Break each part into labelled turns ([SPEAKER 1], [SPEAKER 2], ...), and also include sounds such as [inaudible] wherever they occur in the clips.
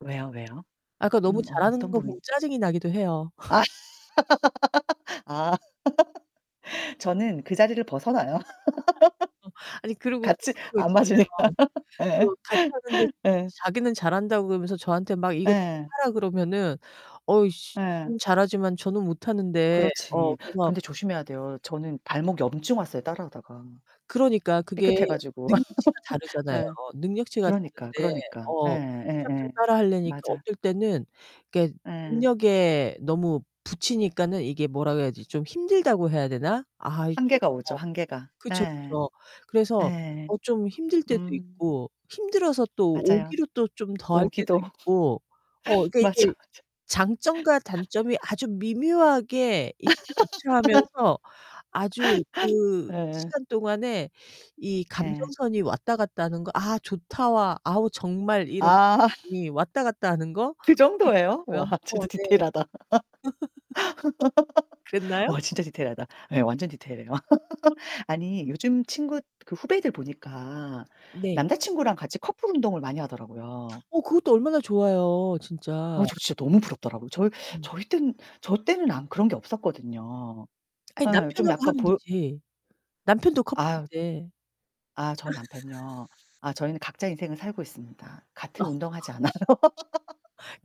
[SPEAKER 1] 왜요, 왜요?
[SPEAKER 2] 아 그 너무
[SPEAKER 1] 음
[SPEAKER 2] 잘하는
[SPEAKER 1] 어떤
[SPEAKER 2] 거
[SPEAKER 1] 부분이
[SPEAKER 2] 보면 짜증이 나기도 해요.
[SPEAKER 1] 아.
[SPEAKER 2] [laughs]
[SPEAKER 1] [laughs] 아.
[SPEAKER 2] [laughs]
[SPEAKER 1] [laughs] 저는 그 자리를 벗어나요.
[SPEAKER 2] 어. 아니
[SPEAKER 1] [laughs]
[SPEAKER 2] 그리고 또
[SPEAKER 1] 같이
[SPEAKER 2] 그런 거
[SPEAKER 1] 안 맞으니까.
[SPEAKER 2] 있잖아요.
[SPEAKER 1] 예.
[SPEAKER 2] 또 같이 하는데
[SPEAKER 1] [laughs] 예.
[SPEAKER 2] 자기는 잘한다고 그러면서 저한테 막 이것저것
[SPEAKER 1] 예.
[SPEAKER 2] 하라 그러면은 어우 씨
[SPEAKER 1] 예.
[SPEAKER 2] 지는 잘하지만 저는 못하는데 어
[SPEAKER 1] 그렇지.
[SPEAKER 2] 그래서
[SPEAKER 1] 근데 조심해야 돼요. 저는 발목 염증 왔어요, 따라 하다가
[SPEAKER 2] 그러니까 그게
[SPEAKER 1] 삐끗해 가지고.
[SPEAKER 2] 능력치가
[SPEAKER 1] [laughs]
[SPEAKER 2] 다르잖아요.
[SPEAKER 1] 예.
[SPEAKER 2] 능력치가
[SPEAKER 1] 그러니까,
[SPEAKER 2] 다른데
[SPEAKER 1] 그러니까. 예
[SPEAKER 2] 어 무작정
[SPEAKER 1] 예예.
[SPEAKER 2] 따라 하려니까
[SPEAKER 1] 맞아.
[SPEAKER 2] 어떨 때는 이렇게
[SPEAKER 1] 예.
[SPEAKER 2] 능력에 너무 부치니까는 이게 뭐라고 해야지? 좀 힘들다고 해야 되나? 아이 좀
[SPEAKER 1] 한계가 오죠,
[SPEAKER 2] 어
[SPEAKER 1] 한계가.
[SPEAKER 2] 그쵸,
[SPEAKER 1] 예.
[SPEAKER 2] 그쵸. 그래서
[SPEAKER 1] 예.
[SPEAKER 2] 어 좀 힘들 때도
[SPEAKER 1] 음.
[SPEAKER 2] 있고 힘들어서 또
[SPEAKER 1] 맞아요.
[SPEAKER 2] 오기로 또 좀 더 할 때도
[SPEAKER 1] 오기도 [laughs]
[SPEAKER 2] 있고 어 그러니까
[SPEAKER 1] 맞아,
[SPEAKER 2] 이게
[SPEAKER 1] 맞아.
[SPEAKER 2] 장점과 단점이 아주 미묘하게 이렇게
[SPEAKER 1] [laughs]
[SPEAKER 2] 교체하면서 아주 그
[SPEAKER 1] 예예.
[SPEAKER 2] 시간 동안에 이
[SPEAKER 1] 예.
[SPEAKER 2] 감정선이 왔다 갔다 하는 거 '아, 좋다.'와 '아우, 정말 이런.'이
[SPEAKER 1] 아.
[SPEAKER 2] 왔다 갔다 하는 거
[SPEAKER 1] 그 정도에요? 와
[SPEAKER 2] 있더라고요. 어.
[SPEAKER 1] 진짜
[SPEAKER 2] 네. [laughs]
[SPEAKER 1] 디테일하다. [laughs]
[SPEAKER 2] 그랬나요?
[SPEAKER 1] 와.
[SPEAKER 2] [laughs]
[SPEAKER 1] 진짜 디테일하다. 예. 완전 디테일해요. [laughs] 아니 요즘 친구 그 후배들 보니까
[SPEAKER 2] 네.
[SPEAKER 1] 남자친구랑 같이 커플 운동을 많이 하더라고요.
[SPEAKER 2] 어. 그것도 얼마나 좋아요,
[SPEAKER 1] 어
[SPEAKER 2] 진짜.
[SPEAKER 1] 저 진짜 너무 부럽더라고요. 저희
[SPEAKER 2] 음.
[SPEAKER 1] 저희 때는 저 때는 아무 그런 게 없었거든요.
[SPEAKER 2] 아니
[SPEAKER 1] 예 좀
[SPEAKER 2] 남편하고
[SPEAKER 1] 약간
[SPEAKER 2] 하면
[SPEAKER 1] 볼
[SPEAKER 2] 되지, 남편도
[SPEAKER 1] 아유.
[SPEAKER 2] 커플인데.
[SPEAKER 1] 아 저희 남편이요.
[SPEAKER 2] [laughs]
[SPEAKER 1] 아 저희는 각자 인생을 살고 있습니다.
[SPEAKER 2] 어.
[SPEAKER 1] 같은 운동 하지 않아요.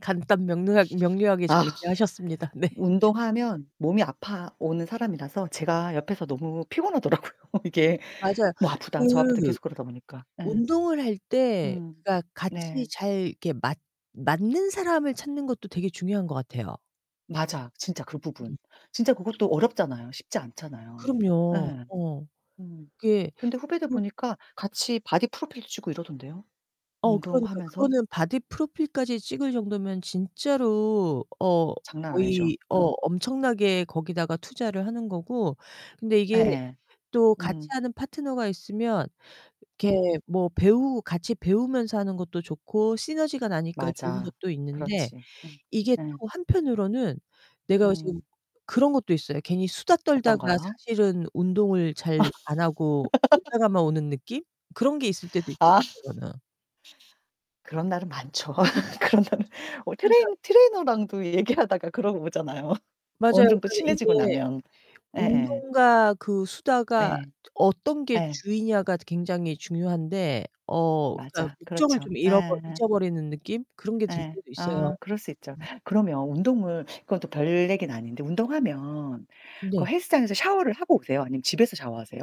[SPEAKER 2] 간단 명료하 명료하게
[SPEAKER 1] 아.
[SPEAKER 2] 정리하셨습니다. 네. [laughs]
[SPEAKER 1] 운동하면 몸이 아파 오는 사람이라서 제가 옆에서 너무 피곤하더라고요, 이게.
[SPEAKER 2] 맞아요.
[SPEAKER 1] 뭐 아프다, 저 아프다
[SPEAKER 2] 그
[SPEAKER 1] 계속 그러다 보니까 예.
[SPEAKER 2] 운동을 할 때
[SPEAKER 1] 음.
[SPEAKER 2] 그러니까 같이
[SPEAKER 1] 네.
[SPEAKER 2] 잘 이렇게 맞 맞는 사람을 찾는 것도 되게 중요한 것 같아요.
[SPEAKER 1] 맞아. 진짜 그
[SPEAKER 2] 음.
[SPEAKER 1] 부분 진짜 그것도 어렵잖아요. 쉽지 않잖아요.
[SPEAKER 2] 그럼요.
[SPEAKER 1] 예.
[SPEAKER 2] 어.
[SPEAKER 1] 음.
[SPEAKER 2] 그게
[SPEAKER 1] 근데 후배들
[SPEAKER 2] 그렇
[SPEAKER 1] 보니까 같이 바디 프로필도 찍고 이러던데요,
[SPEAKER 2] 어 그러니까.
[SPEAKER 1] 운동하면서.
[SPEAKER 2] 그거는 바디 프로필까지 찍을 정도면 진짜로 어
[SPEAKER 1] 장난 아니죠.
[SPEAKER 2] 거의 어
[SPEAKER 1] 음.
[SPEAKER 2] 엄청나게 거기다가 투자를 하는 거고 근데 이게
[SPEAKER 1] 예예.
[SPEAKER 2] 또
[SPEAKER 1] 음.
[SPEAKER 2] 같이하는 파트너가 있으면 이렇게
[SPEAKER 1] 음.
[SPEAKER 2] 뭐 배우 같이 배우면서 하는 것도 좋고, 시너지가 나니까 좋은
[SPEAKER 1] 맞아.
[SPEAKER 2] 것도 있는데
[SPEAKER 1] 그렇지. 음.
[SPEAKER 2] 이게
[SPEAKER 1] 예.
[SPEAKER 2] 또 한편으로는 내가 어 지금
[SPEAKER 1] 음.
[SPEAKER 2] 그런 것도 있어요. 괜히 수다
[SPEAKER 1] 어떤
[SPEAKER 2] 떨다가
[SPEAKER 1] 거요?
[SPEAKER 2] 사실은 운동을 잘 안 하고
[SPEAKER 1] [laughs]
[SPEAKER 2] 놀다가만 오는 느낌? 그런 게 있을 때도 있더
[SPEAKER 1] 아.
[SPEAKER 2] [unintelligible]
[SPEAKER 1] 그런 날은 많죠, [laughs] 그런 날은. 뭐
[SPEAKER 2] 정말
[SPEAKER 1] 트레이
[SPEAKER 2] 그러니까
[SPEAKER 1] 트레이너랑도 얘기하다가 그러고 오잖아요, [laughs]
[SPEAKER 2] 맞아요.
[SPEAKER 1] 어느 정도
[SPEAKER 2] 근데
[SPEAKER 1] 친해지고
[SPEAKER 2] 이게
[SPEAKER 1] 나면. 예예.
[SPEAKER 2] 운동과 그 수다가
[SPEAKER 1] 예.
[SPEAKER 2] 저 어떤 게
[SPEAKER 1] 예.
[SPEAKER 2] 주이냐가 굉장히 중요한데 어 그러니까
[SPEAKER 1] 맞아.
[SPEAKER 2] 목적을
[SPEAKER 1] 그렇죠.
[SPEAKER 2] 좀
[SPEAKER 1] 예.
[SPEAKER 2] 잃어버
[SPEAKER 1] 예.
[SPEAKER 2] 잊어버리는 느낌 그런 게 들
[SPEAKER 1] 예.
[SPEAKER 2] 때도 있어요.
[SPEAKER 1] 아 그럴 수 있죠.
[SPEAKER 2] 음.
[SPEAKER 1] 그러면 운동을 그건 또 별 얘긴 아닌데 운동하면 그
[SPEAKER 2] 네.
[SPEAKER 1] 헬스장에서 샤워를 하고 오세요? 아니면 집에서 샤워하세요?